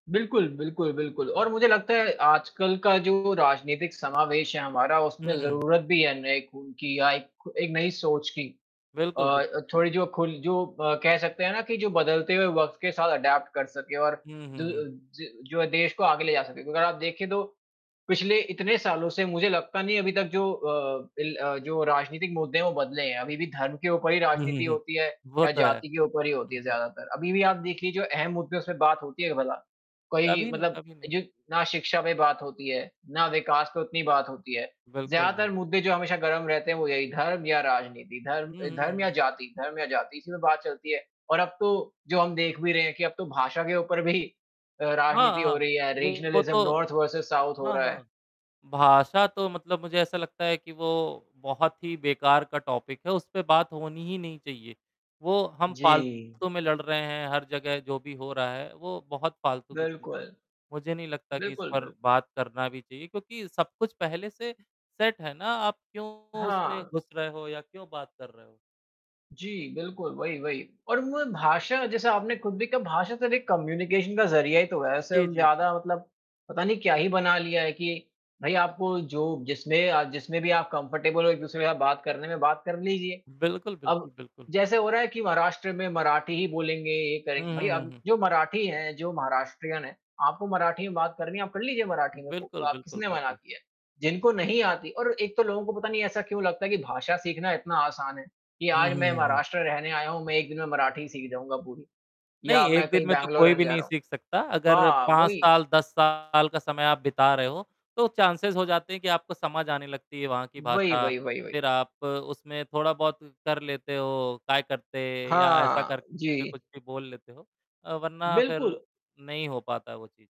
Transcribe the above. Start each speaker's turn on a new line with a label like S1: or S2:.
S1: बिल्कुल, बिल्कुल, बिल्कुल और मुझे लगता है, आजकल का जो राजनीतिक समावेश है हमारा उसमें
S2: हुँ, हुँ।
S1: ज़रूरत भी है नए खून की या एक एक नई सोच की। अ
S2: बिल्कुल, बिल्कुल।
S1: अ, थोड़ी जो खुल जो अ, कह सकते हैं ना कि जो बदलते हुए वक़्त के साथ एडॉप्ट कर सके और
S2: हुँ,
S1: दु
S2: हुँ,
S1: अ,
S2: हुँ।
S1: ज जो देश को आगे ले जा सके, अगर आप देखिए तो, पिछले इतने सालों से मुझे लगता नहीं अभी तक जो अ, बिल अ, जो राजनीतिक मुद्दे हैं वो बदले हैं, अभी भी धर्म के ऊपर ही
S2: हुँ, हुँ,
S1: राजनीति
S2: हुँ,
S1: होती है
S2: वो
S1: या
S2: तो है।
S1: जाति के ऊपर ही होती
S2: हुँ,
S1: है
S2: हुँ।
S1: ज़्यादातर। अभी भी आप देख लीजिए जो अहम मुद्दे हैं उसमें बात होती है क्या भला? कोई
S2: कभी नहीं
S1: मतलब
S2: कभी नहीं।
S1: जो ना शिक्षा पे बात होती है, ना विकास पे उतनी बात होती है,
S2: बिल्कुल,
S1: ज़्यादातर
S2: जी।
S1: मुद्दे जो हमेशा गरम रहते हैं वो यही धर्म या राजनीति, धर्म
S2: हुँ,
S1: अ,
S2: हुँ,
S1: धर्म या
S2: हुँ।
S1: जाति धर्म या जाति इसी में बात चलती है। और अब तो जो हम देख भी रहे हैं कि अब तो भाषा के ऊपर भी अ,
S2: हाँ,
S1: राजनीति हो
S2: हाँ।
S1: रही है
S2: वो
S1: रीजनलिज़्म
S2: तो
S1: नॉर्थ वर्सेस साउथ हो
S2: हाँ,
S1: रहा है।
S2: हाँ। भाषा तो मतलब मुझे ऐसा लगता है कि वो बहुत ही बेकार का टॉपिक है, उस पे बात होनी ही नहीं चाहिए। वो हम
S1: जी।
S2: फालतू में लड़ रहे हैं, हर जगह जो भी हो रहा है, वो बहुत फालतू की चीज़ है।
S1: बिल्कुल।
S2: मुझे नहीं लगता कि इस
S1: बिल्कुल,
S2: पर
S1: बिल्कुल।
S2: बात करना भी चाहिए क्योंकि सब कुछ पहले से सेट है ना आप क्यों उसमें
S1: हाँ।
S2: घुस रहे हो या क्यों बात कर रहे हो?
S1: जी, बिल्कुल, वही, वही और म भाषा जैसे आपने खुद भी कहा भाषा तो एक कम्युनिकेशन का ज़रिया ही तो है, ऐसे
S2: जी,
S1: हम
S2: जी, जी।
S1: ज़्यादा मतलब, पता नहीं क्या ही बना लिया है कि भाई आपको जो जिसमें अ, जिसमें भी आप कम्फर्टेबल हो एक-दूसरे का बात करने में बात कर लीजिए।
S2: बिल्कुल, बिल्कुल,
S1: अब,
S2: बिल्कुल।
S1: जैसे हो रहा है कि महाराष्ट्र में मराठी ही बोलेंगे ये
S2: हुँ,
S1: करेंगे भाई
S2: हुँ, हुँ,
S1: अब
S2: हुँ।
S1: जो मराठी हैं जो महाराष्ट्रियन हैं, आपको मराठी में बात करनी है आप कर लीजिए मराठी में को
S2: बिल्कुल,
S1: आप
S2: बिल्कुल,
S1: किसने मना
S2: बिल्कुल।
S1: किया है? जिनको नहीं आती और एक तो लोगों को पता नहीं ऐसा क्यों लगता है कि भाषा सीखना इतना आसान है, कि
S2: हुँ,
S1: आज
S2: हुँ,
S1: मैं
S2: हुँ, हुँ।
S1: महाराष्ट्र रहने आया हूँ मैं 1 दिन में मराठी सीख जाऊँगा पूरी या
S2: नहीं
S1: मैं
S2: 1 दिन
S1: कहीं
S2: में तो
S1: बैंगलोर
S2: कोई
S1: रहने
S2: भी
S1: जा
S2: नहीं
S1: रहा
S2: सीख सकता
S1: हूँ।
S2: अगर
S1: हाँ,
S2: 5
S1: वही।
S2: साल, 10 साल का समय आप बिता रहे हो, तो चांसेस हो जाते हैं कि आपको समझ आने लगती है वहाँ की
S1: वही,
S2: भाषा,
S1: वही, वही, वही।
S2: फिर आप उसमें थोड़ा बहुत कर लेते हो, काय करते या ऐसा
S1: हाँ,
S2: करके
S1: जी।
S2: कुछ भी बोल लेते हो अ, वरना फिर
S1: बिल्कुल।
S2: नहीं हो पाता वो चीज़।